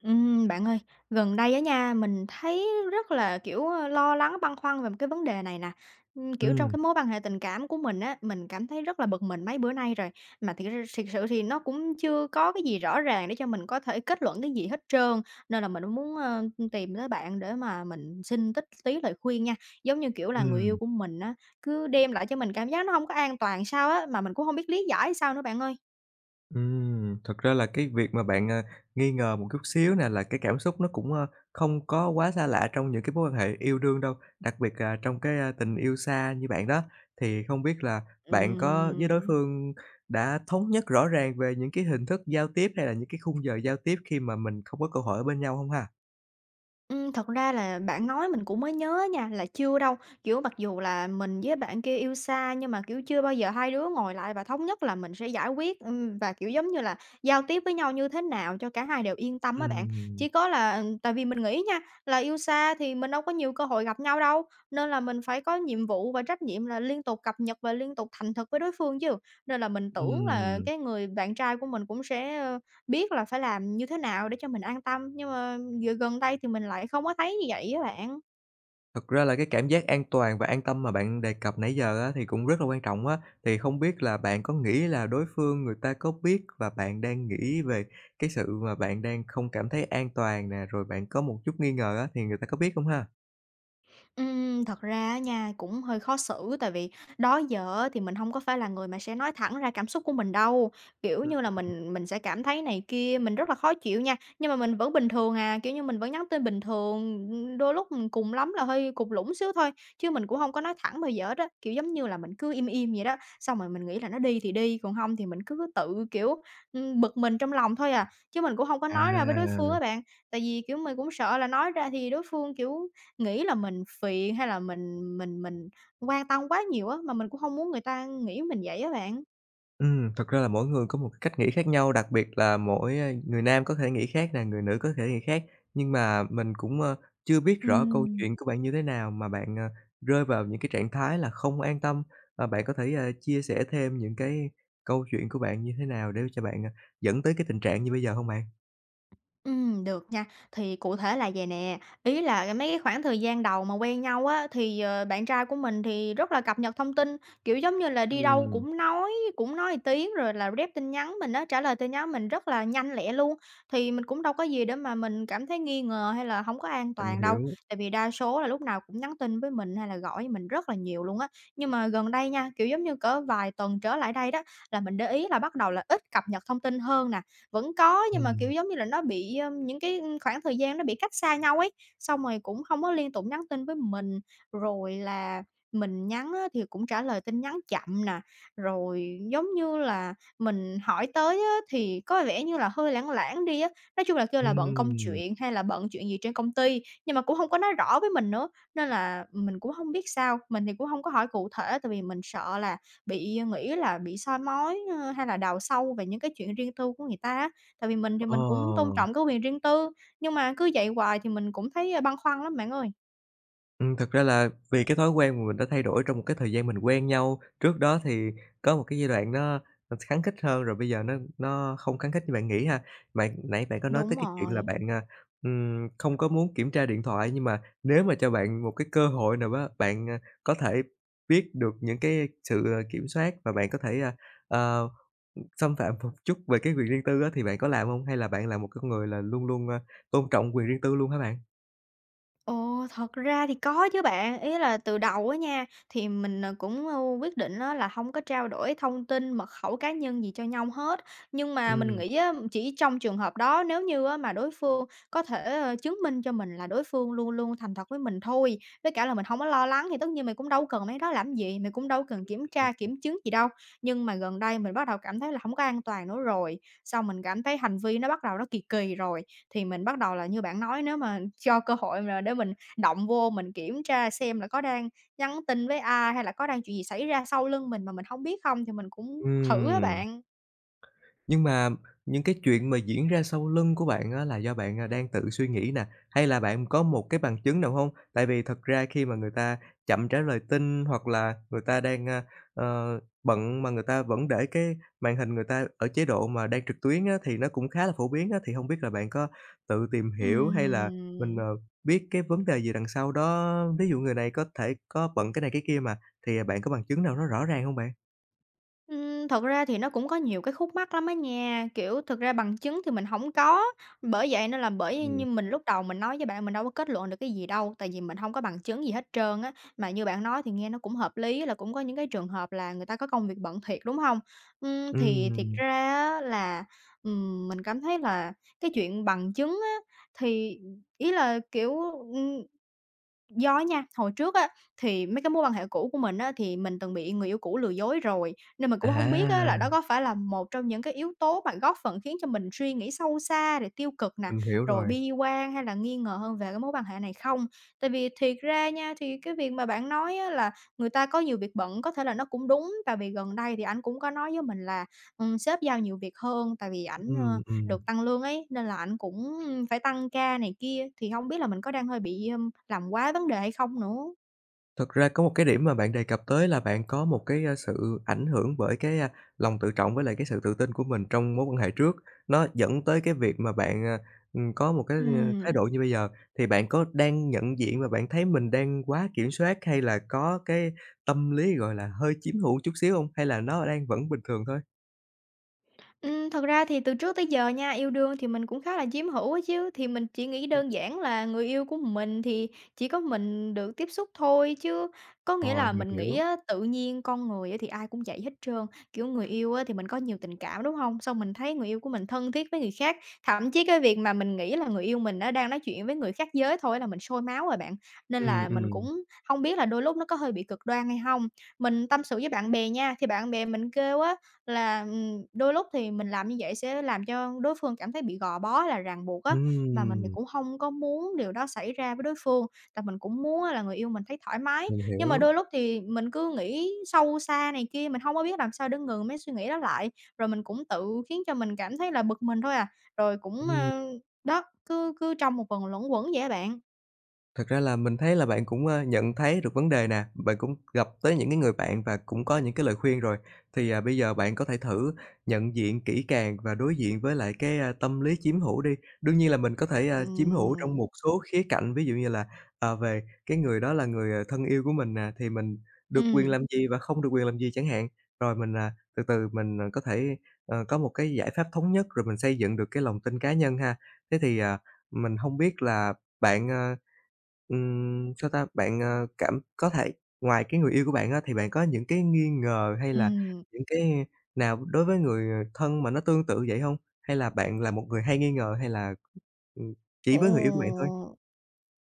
Ừm, bạn ơi, gần đây á nha, mình thấy rất là, kiểu, ơ, lo lắng, băn khoăn về một cái vấn đề này nè. Ừm, kiểu, trong Ừm. cái mối quan hệ tình cảm của mình á, mình cảm thấy rất là bực mình mấy bữa nay rồi, mà thiệt ra thiệt sự thì nó cũng chưa có cái gì rõ ràng để cho mình có thể kết luận cái gì hết trơn. Nên là mình mới muốn, ơ, ưm, tìm tới bạn để mà mình xin tích tí lời khuyên nha, giống như, kiểu là, người yêu Ừm. của mình á, cứ đem lại cho mình cảm giác nó hông có an toàn sao á, mà mình cũng hông biết lý giải sao nữa, bạn ơi. Ừm, thực ra là cái việc mà bạn, à, nghi ngờ một chút xíu nè là cái cảm xúc nó cũng, a, không có quá xa lạ trong những cái mối quan hệ yêu đương đâu, đặc biệt là trong cái, a, tình yêu xa như bạn đó. Thì không biết là bạn có Ừm, với đối ừm. phương đã thống nhất rõ ràng về những cái hình thức giao tiếp, hay là những cái khung giờ giao tiếp khi mà mình không có cơ hội ở bên nhau hông ha? Ừm, thật ra là bạn nói mình cũng mới nhớ á nha, là chưa đâu, kiểu, mặc dù là mình với bạn kia yêu xa, nhưng mà, kiểu, chưa bao giờ hai đứa ngồi lại và thống nhất là mình sẽ giải quyết, ừm, và, kiểu, giống như là, giao tiếp với nhau như thế nào cho cả hai đều yên tâm á bạn. Ừm. Chỉ có là, ừm, tại vì mình nghĩ á nha, là yêu xa thì mình đâu có nhiều cơ hội gặp nhau đâu, nên là mình phải có nhiệm vụ và trách nhiệm là liên tục cập nhật và liên tục thành thực với đối phương chứ. Nên là mình tưởng là Ừm. cái người bạn trai của mình cũng sẽ, ơ, biết là phải làm như thế nào để cho mình an tâm, nhưng mà giờ gần đây thì mình lại không có thấy như vậy á bạn. Thật ra là cái cảm giác an toàn và an tâm mà bạn đề cập nãy giờ á thì cũng rất là quan trọng á. Thì không biết là bạn có nghĩ là đối phương người ta có biết, và bạn đang nghĩ về cái sự mà bạn đang không cảm thấy an toàn nè, rồi bạn có một chút nghi ngờ á thì người ta có biết không ha? Ừm, thật ra á nha, cũng hơi khó xử tại vì đó giờ á, thì mình hông có phải là người mà sẽ nói thẳng ra cảm xúc của mình đâu, kiểu Ừm. như là, mình mình sẽ cảm thấy này kia, mình rất là khó chịu nha, nhưng mà mình vẫn bình thường à, kiểu như, mình vẫn nhắn tin bình thường, ư, đôi lúc cùng lắm là hơi cụt lủn xíu thôi, chứ mình cũng hông có nói thẳng bao giờ hết á. Kiểu, giống như là, mình cứ im im vậy đó, xong rồi mình nghĩ là nó đi thì đi, còn hông thì mình cứ tự, kiểu, ưm, bực mình trong lòng thôi à, chứ mình cũng hông có À. nói ra với đối phương á bạn. Tại vì, kiểu, mình cũng sợ là nói ra thì đối phương, kiểu, nghĩ là mình phiền hay là mình mình mình quan tâm quá nhiều á, mà mình cũng hông muốn người ta nghĩ mình vậy á bạn. Ừm, thực ra là mỗi người có một cách nghĩ khác nhau, đặc biệt là mỗi, a, người nam có thể nghĩ khác nè, người nữ có thể nghĩ khác, nhưng mà mình cũng, a, chưa biết rõ câu Ừm. chuyện của bạn như thế nào mà bạn, à, rơi vào những cái trạng thái là không an tâm. À, bạn có thể, ơ, chia sẻ thêm những cái câu chuyện của bạn như thế nào để cho bạn dẫn tới cái tình trạng như bây giờ hông bạn? Ừm, được nha. Thì cụ thể là vầy nè, ý là, mấy cái khoảng thời gian đầu mà quen nhau á thì, ờ, bạn trai của mình thì rất là cập nhật thông tin, kiểu, giống như là, đi đâu Ừm. cũng nói cũng nói tiếng rồi là rep tin nhắn mình á, trả lời tin nhắn mình rất là nhanh lẹ luôn. Thì mình cũng đâu có gì để mà mình cảm thấy nghi ngờ hay là hông có an Mình toàn đâu hiểu. tại vì đa số là lúc nào cũng nhắn tin với mình hay là gọi với mình rất rất là nhiều luôn á. Nhưng mà gần đây nha, kiểu, giống như cỡ vài tuần trở lại đây đó, là mình để ý là bắt đầu là ít cập nhật thông tin hơn nè. Vẫn có nhưng mà, kiểu, Ừm. giống như là nó bị, ờ, những cái, ừm, khoảng thời gian nó bị cách xa nhau ấy, xong rồi cũng hông có liên tục nhắn tin với mình. Rồi là mình nhắn á thì cũng trả lời tin nhắn chậm nè, rồi giống như là mình hỏi tới á thì có vẻ như là hơi lảng lảng đi á. Nói chung là kêu là bận công Ừm. chuyện hay là bận chuyện gì trên công ty, nhưng mà cũng hông có nói rõ với mình nữa nên là mình cũng hông biết sao. Mình thì cũng hông có hỏi cụ thể tại vì mình sợ là bị, ờ, nghĩ là bị soi mói, ơ, hay là đào sâu về những cái chuyện riêng tư của người ta á. Tại vì mình thì Ờ. mình cũng tôn trọng cái quyền riêng tư, nhưng mà cứ vậy hoài thì mình cũng thấy, ờ, băn khoăn lắm bạn ơi. Ừm, thực ra là vì cái thói quen mà mình đã thay đổi trong một cái thời gian mình quen nhau, trước đó thì có một cái giai đoạn nó thật khắng khít hơn rồi bây giờ nó nó không khắng khít như bạn nghĩ ha. Bạn, nãy bạn có nói tới Đúng cái chuyện là rồi. bạn, à, ừm, không có muốn kiểm tra điện thoại, nhưng mà nếu mà cho bạn một cái cơ hội nào đó, bạn, ờ, có thể biết được những cái sự kiểm soát và bạn có thể, ờ, xâm phạm một chút về cái quyền riêng tư á, thì bạn có làm hông hay là bạn là một con người là luôn luôn, à, tôn trọng quyền riêng tư luôn hả bạn? Ồ, thật ra thì có chứ bạn. Ý là từ đầu á nha, thì mình, ờ, cũng quyết định á là hông có trao đổi thông tin mật khẩu cá nhân gì cho nhau hết. Nhưng mà mình Ừm. nghĩ á, chỉ trong trường hợp đó nếu như á mà đối phương có thể chứng minh cho mình là đối phương luôn luôn thành thật với mình thôi, với cả là mình hông có lo lắng thì tất nhiên mình cũng đâu cần mấy cái đó làm gì, mình cũng đâu có cần kiểm tra Ừm. kiểm chứng gì đâu. Nhưng mà gần đây mình bắt đầu cảm thấy là hổng có an toàn nữa rồi, xong mình cảm thấy hành vi nó bắt đầu nó kì kì rồi. Thì mình bắt đầu là như bạn nói nếu mà cho cơ hội mà để mình động vô mình kiểm tra xem là có đang nhắn tin với ai hay là có chuyện gì xảy ra sau lưng mình mà mình hông biết không, thì mình cũng thử á Ừm. bạn. Nhưng mà những cái chuyện mà diễn ra sau lưng của bạn á là do bạn, à, đang tự suy nghĩ nè, hay là bạn có một cái bằng chứng nào hông? Tại vì thật ra khi mà người ta chậm trả lời tin, hoặc là người ta đang, ơ, bận, mà người ta vẫn để cái màn hình người ta ở chế độ mà đang trực tuyến á, thì nó cũng khá là phổ biến á. Thì không biết là bạn có tự tìm hiểu hay là mình, ờ, Ừm. biết cái vấn đề gì đằng sau đó, ví dụ người này có thể có bận cái này cái kia mà. Thì bạn có bằng chứng nào nó rõ ràng hông bạn? Ưm, thật ra thì nó cũng có nhiều cái khúc mắc lắm á nha. Kiểu, thật ra bằng chứng thì mình hổng có, bởi vậy nên là bởi Ừm. như mình lúc đầu mình nói với bạn, mình đâu có kết luận được cái gì đâu, tại vì mình hông có bằng chứng gì hết trơn á. Mà như bạn nói thì nghe nó cũng hợp lý là cũng có những cái trường hợp là người ta có công việc bận thiệt, đúng hông? Ừm, thì thiệt Ừm. ra á là, ừm, mình cảm thấy là cái chuyện bằng chứng á, thì ý là, kiểu, ừm do á nha, hồi trước á, thì mấy cái mối quan hệ cũ của mình á thì mình từng bị người yêu cũ lừa dối rồi, nên mình cũng hông biết á là đó À! có phải là một trong những cái yếu tố mà góp phần khiến cho mình suy nghĩ sâu xa, rồi tiêu cực nè, Mình hiểu rồi rồi. bi quan hay là nghi ngờ hơn về cái mối quan hệ này không. Tại vì thiệt ra nha, thì cái việc mà bạn nói á là người ta có nhiều việc bận có thể là nó cũng đúng, tại vì gần đây thì ảnh cũng có nói với mình là, ừm, sếp giao nhiều việc hơn, tại vì ảnh, ờ, Ừm, ừm. được tăng lương ấy nên là ảnh cũng phải tăng ca này kia, thì không biết là mình có đang hơi bị, à, làm quá vấn đề hay không nữa. Thực ra có một cái điểm mà bạn đề cập tới là bạn có một cái, à, sự ảnh hưởng bởi cái, à, lòng tự trọng với lại cái sự tự tin của mình trong mối quan hệ trước, nó dẫn tới cái việc mà bạn, à, ừm, có một cái, à, thái Ừm. độ như bây giờ. Thì bạn có đang nhận diện và bạn thấy mình đang quá kiểm soát hay là có cái tâm lý, gọi là, hơi chiếm hữu một chút xíu hông, hay là nó đang vẫn bình thường thôi? Ừm, thực ra thì từ trước tới giờ nha, yêu đương thì mình cũng khá là chiếm hữu á chứ, thì mình chỉ nghĩ Ừm. đơn giản là người yêu của mình thì chỉ có mình được tiếp xúc thôi chứ, có nghĩa Rồi, là mình mình nghĩ hiểu. á, tự nhiên con người thì ai cũng vậy hết trơn, kiểu, người yêu á thì mình có nhiều tình cảm, đúng hông? Xong mình thấy người yêu của mình thân thiết với người khác, thậm chí cái việc mà mình nghĩ là người yêu mình nó đang nói chuyện với người khác giới thôi là mình sôi máu rồi bạn. Nên Ừm, là mình ừm. cũng hông biết là đôi lúc nó có hơi bị cực đoan hay hông? Mình tâm sự với bạn bè nha, thì bạn bè mình kêu á là, ừm, đôi lúc thì mình làm như vậy sẽ làm cho đối phương cảm thấy bị gò bó, hay là ràng buộc á, mà mình thì Ừm. cũng hông có muốn điều đó xảy ra với đối phương, tại mình cũng muốn á là người yêu mình thấy thoải mái. Mình Nhưng mà hiểu. đôi lúc thì mình cứ nghĩ sâu xa này kia, mình hông có biết làm sao để ngừng mấy suy nghĩ đó lại, rồi mình cũng tự khiến cho mình cảm thấy là bực mình thôi à, rồi cũng, Ừm. ơ đó, cứ cứ trong một vòng luẩn quẩn vậy á bạn. Thật ra là mình thấy là bạn cũng, a, nhận thấy được vấn đề nè, bạn cũng gặp tới những cái người bạn và cũng có những cái lời khuyên rồi. Thì, ờ, bây giờ bạn có thể thử nhận diện kỹ càng và đối diện với lại cái, a, tâm lý chiếm hữu đi. Đương nhiên là mình có thể, a, chiếm hữu trong một Ừm. số khía cạnh, ví dụ như là, à, về cái người đó là người, ờ, thân yêu của mình nè thì mình được quyền Ừm. làm gì và không được quyền làm gì chẳng hạn, rồi mình, à, từ từ mình, ờ, có thể, ờ, có một cái giải pháp thống nhất rồi mình xây dựng được cái lòng tin cá nhân ha. Thế thì, à, mình hông biết là bạn, ơ, ừm, sao ta? Bạn, a, cảm có thể ngoài cái người yêu của bạn á thì bạn có những cái nghi ngờ, hay là Ừm. những cái nào đối với người, ờ, thân mà nó tương tự vậy hông? Hay là bạn là một người hay nghi ngờ hay là, ừm, chỉ Ờ, với người yêu của bạn thôi? ờ.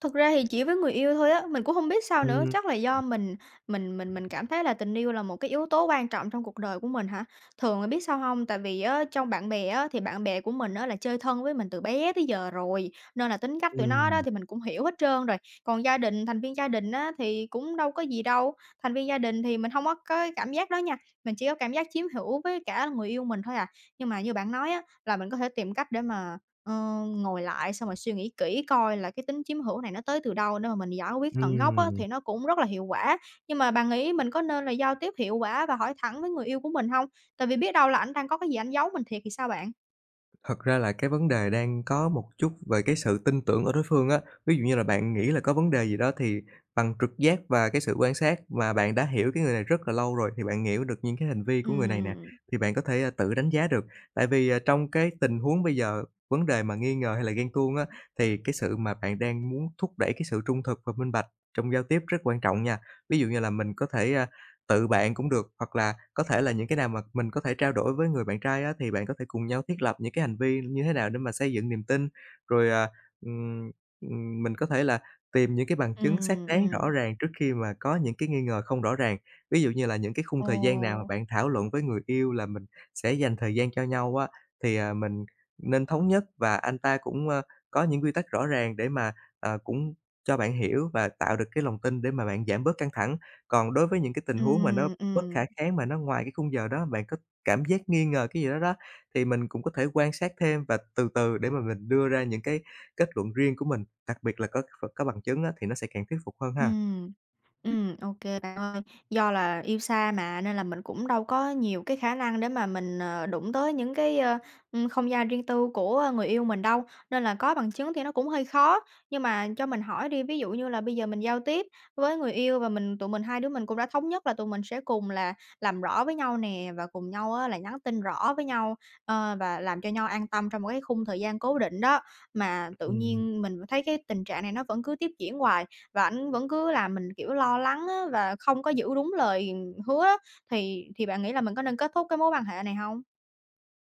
Thực ra thì chỉ với người yêu thôi á, mình cũng hông biết sao nữa, Ưm. chắc là Ừm. do mình mình mình mình cảm thấy là tình yêu là một cái yếu tố quan trọng trong cuộc đời của mình hả? Thường là biết sao hông? Tại vì á trong bạn bè á thì bạn bè của mình á là chơi thân với mình từ bé tới giờ rồi, nên là tính cách tụi nó đó Ừm. thì mình cũng hiểu hết trơn rồi. Còn gia đình thành viên gia đình á thì cũng đâu có gì đâu, thành viên gia đình thì mình hông có có cái cảm giác đó nha, mình chỉ có cảm giác chiếm hữu với cả là người yêu mình thôi à. Nhưng mà như bạn nói á là mình có thể tìm cách để mà, ờ, ngồi lại, xong rồi suy nghĩ kỹ coi là cái tính chiếm hữu này nó tới từ đâu để mà mình giải quyết tận gốc á Ừm. thì nó cũng rất là hiệu quả. Nhưng mà bạn nghĩ mình có nên là giao tiếp hiệu quả và hỏi thẳng với người yêu của mình hông? Tại vì biết đâu là ảnh đang có cái gì ảnh giấu mình thiệt thì sao bạn? Thật ra là cái vấn đề đang có một chút về cái sự tin tưởng ở đối phương á. Ví dụ như là bạn nghĩ là có vấn đề gì đó thì bằng trực giác và cái sự quan sát, và bạn đã hiểu cái người này rất là lâu rồi, thì bạn hiểu được những cái hành vi của người này nè Ừm. thì bạn có thể tự đánh giá được. Tại vì, ờ, trong cái tình huống bây giờ, vấn đề mà nghi ngờ hay là ghen tuông á, thì cái sự mà bạn đang muốn thúc đẩy- cái sự trung thực và minh bạch trong giao tiếp rất quan trọng nha. Ví dụ như là mình có thể, à, tự bạn cũng được, hoặc là có thể là những cái nào mà mình có thể trao đổi với người bạn trai á thì bạn có thể cùng nhau thiết lập những cái hành vi như thế nào để mà xây dựng niềm tin, rồi, à, ừm, ừm, mình có thể là tìm những cái bằng chứng xác Ừm, đáng rõ ừm. ràng trước khi mà có những cái nghi ngờ không rõ ràng. Ví dụ như là những cái khung thời gian nào mà Ồ. bạn thảo luận với người yêu là mình sẽ dành thời gian cho nhau á, thì, à, mình nên thống nhất, và anh ta cũng, ơ, có những quy tắc rõ ràng để mà, à, cũng cho bạn hiểu và tạo được cái lòng tin để mà bạn giảm bớt căng thẳng. Còn đối với những cái tình huống mà nó Ừm, bất khả ừm. kháng mà nó ngoài cái khung giờ đó, bạn có cảm giác nghi ngờ cái gì đó đó, thì mình cũng có thể quan sát thêm, và từ từ để mà mình đưa ra những cái kết luận riêng của mình, đặc biệt là có kh có bằng chứng á thì nó sẽ càng thuyết phục hơn ha. Ừm, ừm, ô kê bạn ơi, do là yêu xa mà nên là mình cũng đâu có nhiều cái khả năng để mà mình, ờ, đụng tới những cái, ờ, ừm, không gian riêng tư của người yêu mình đâu, nên là có bằng chứng thì nó cũng hơi khó. Nhưng mà cho mình hỏi đi, ví dụ như là bây giờ mình giao tiếp với người yêu, và mình tụi mình hai đứa mình cũng đã thống nhất là tụi mình sẽ cùng là làm rõ với nhau nè, và cùng nhau á là nhắn tin rõ với nhau, ờ, và làm cho nhau an tâm trong một cái khung thời gian cố định đó, mà tự Ừm. nhiên mình thấy cái tình trạng này nó vẫn cứ tiếp diễn hoài, và ảnh vẫn cứ làm mình, kiểu, lo lắng á và không có giữ đúng lời hứa á, thì thì bạn nghĩ là mình có nên kết thúc cái mối quan hệ này hông?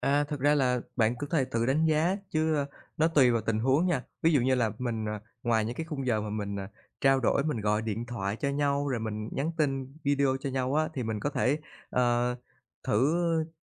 À, thực ra là bạn có thể tự đánh giá chứ nó tùy vào tình huống nha. Ví dụ như là mình, ờ ngoài những cái khung giờ mà mình, ờ, trao đổi, mình gọi điện thoại cho nhau, rồi mình nhắn tin video cho nhau á thì mình có thể, ờ, thử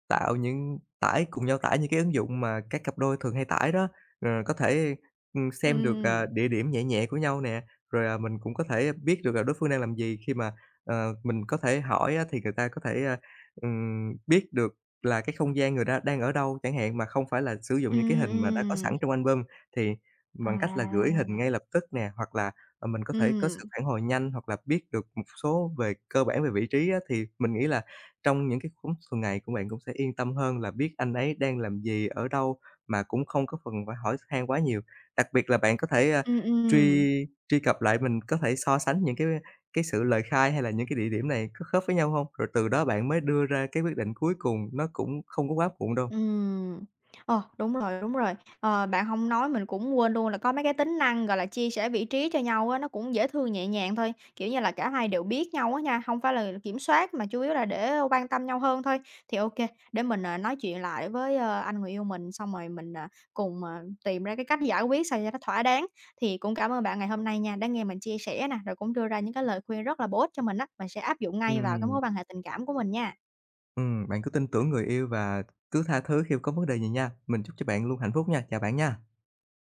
tạo những tải cùng nhau tải những cái ứng dụng mà các cặp đôi thường hay tải đó. Ờ, có thể, ừm, xem được, à, Ừm. địa điểm nhẹ nhẹ của nhau nè, rồi, à, mình cũng có thể biết được là đối phương đang làm gì, khi mà ờ, mình có thể hỏi á thì người ta có thể, ờ, ừm, biết được là cái không gian người ta đang ở đâu chẳng hạn mà không phải là sử dụng những cái Ừm, hình mà đã có sẵn ừm. trong album, thì bằng cách là gửi hình À! ngay lập tức nè, hoặc là, ờ, mình có thể có sự Ừm. phản hồi nhanh hoặc là biết được một số về cơ bản về vị trí á. Thì mình nghĩ là trong những cái lúc thường ngày của bạn cũng sẽ yên tâm hơn là biết anh ấy đang làm gì, ở đâu mà cũng không có phần phải hỏi x han quá nhiều. Đặc biệt là bạn có thể, ờ, Ừm, truy ừm. truy cập lại, mình có thể so sánh những cái cái sự lời khai hay là những cái địa điểm này có khớp với nhau hông, rồi từ đó bạn mới đưa ra cái quyết định cuối cùng, nó cũng không có quá muộn đâu. Ừm. Ồ! Đúng rồi, đúng rồi. Ờ, bạn hông nói mình cũng quên luôn là có mấy cái tính năng gọi là chia sẻ vị trí cho nhau á, nó cũng dễ thương, nhẹ nhàng thôi. Kiểu như là cả hai đều biết nhau á nha, hông phải là kiểm soát mà chủ yếu là để quan tâm nhau hơn thôi. Thì ô kê, để mình, ờ, nói chuyện lại với, ờ, anh người yêu mình, xong rồi mình, à, cùng, à, tìm ra cái cách giải quyết sao cho nó thỏa đáng. Thì cũng cảm ơn bạn ngày hôm nay nha, đã nghe mình chia sẻ nè, rồi cũng đưa ra những cái lời khuyên rất là bổ ích cho mình á. Mình sẽ áp dụng ngay vào cái Ừm. mối quan hệ tình cảm của mình nha. Ừm. Bạn cứ tin tưởng người yêu và cứ tha thứ khi có vấn đề gì nha. Mình chúc cho bạn luôn hạnh phúc nha! Chào bạn nha!